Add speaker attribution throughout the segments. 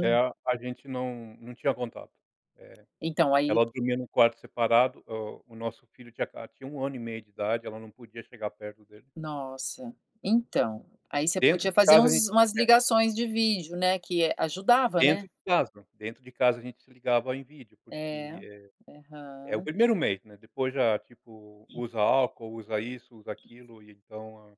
Speaker 1: É, a a gente não não tinha contato, eh,
Speaker 2: Então aí.
Speaker 1: ela dormia no quarto separado, o o nosso filho tinha aca tinha 1 ano e meio de idade, ela não podia chegar perto dele.
Speaker 2: Nossa, então, aí você
Speaker 1: Dentro
Speaker 2: podia
Speaker 1: de
Speaker 2: fazer
Speaker 1: casa a
Speaker 2: uns
Speaker 1: gente
Speaker 2: umas
Speaker 1: é.
Speaker 2: ligações de vídeo, né, que ,eh, ajudava,
Speaker 1: Dentro
Speaker 2: né?
Speaker 1: de casa, dentro de casa a gente se ligava em vídeo, porque,
Speaker 2: É,
Speaker 1: eh, é o
Speaker 2: aham.
Speaker 1: 1º mês, né, depois já, tipo, usa álcool, usa isso, usa aquilo e então a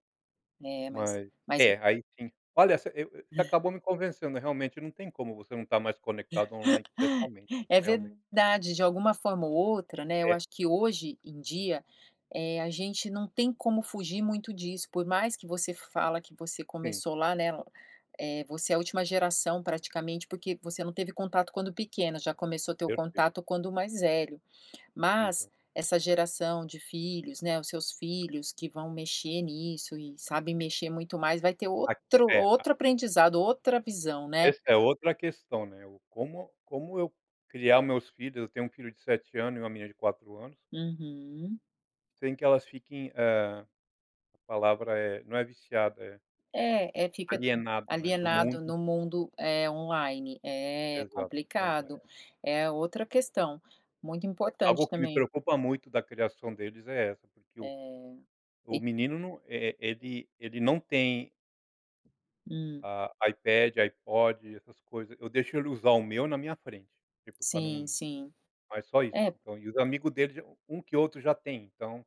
Speaker 2: É, mas,
Speaker 1: mas
Speaker 2: mas
Speaker 1: é aí sim olha, você acabou me convencendo, realmente não tem como você não estar mais conectado online, pessoalmente,
Speaker 2: É
Speaker 1: então realmente.
Speaker 2: verdade, de alguma forma ou outra, né, eu
Speaker 1: É.
Speaker 2: acho que hoje em dia, eh, a gente não tem como fugir muito disso, por mais que você fala que você
Speaker 1: Sim.
Speaker 2: começou lá, né, eh, você é a última geração praticamente, porque você não teve contato quando pequena, já começou a ter o
Speaker 1: Perfeito.
Speaker 2: contato quando mais velho.
Speaker 1: Sim.
Speaker 2: Mas, essa geração de filhos, né, os seus filhos que vão mexer nisso e sabem mexer muito mais, vai ter outro
Speaker 1: Aqui
Speaker 2: outro
Speaker 1: é, a
Speaker 2: outro aprendizado, outra visão, né?
Speaker 1: Essa é outra questão, né, o como como eu criar os meus filhos, eu tenho um filho de 7 ano e uma menina de 4 anos.
Speaker 2: Uhum.
Speaker 1: Sem que elas fiquem, eh, a palavra é, não é viciada é
Speaker 2: É, é fica
Speaker 1: alienada, né, do
Speaker 2: alienado
Speaker 1: mundo.
Speaker 2: no mundo, eh, online, é
Speaker 1: Exato, então
Speaker 2: complicado,
Speaker 1: é.
Speaker 2: é outra questão, muito
Speaker 1: Algo
Speaker 2: importante
Speaker 1: que me
Speaker 2: também.
Speaker 1: preocupa muito da criação deles é essa, porque o
Speaker 2: É,
Speaker 1: o
Speaker 2: e
Speaker 1: menino não, eh eh, e ele ele não tem
Speaker 2: Hum.
Speaker 1: ah, iPad, iPod, essas coisa, eu deixo ele usar o meu na minha frente, tipo pra
Speaker 2: Sim,
Speaker 1: não
Speaker 2: sim,
Speaker 1: mas só isso,
Speaker 2: é.
Speaker 1: então, e os amigo dele já um que outro já tem, então.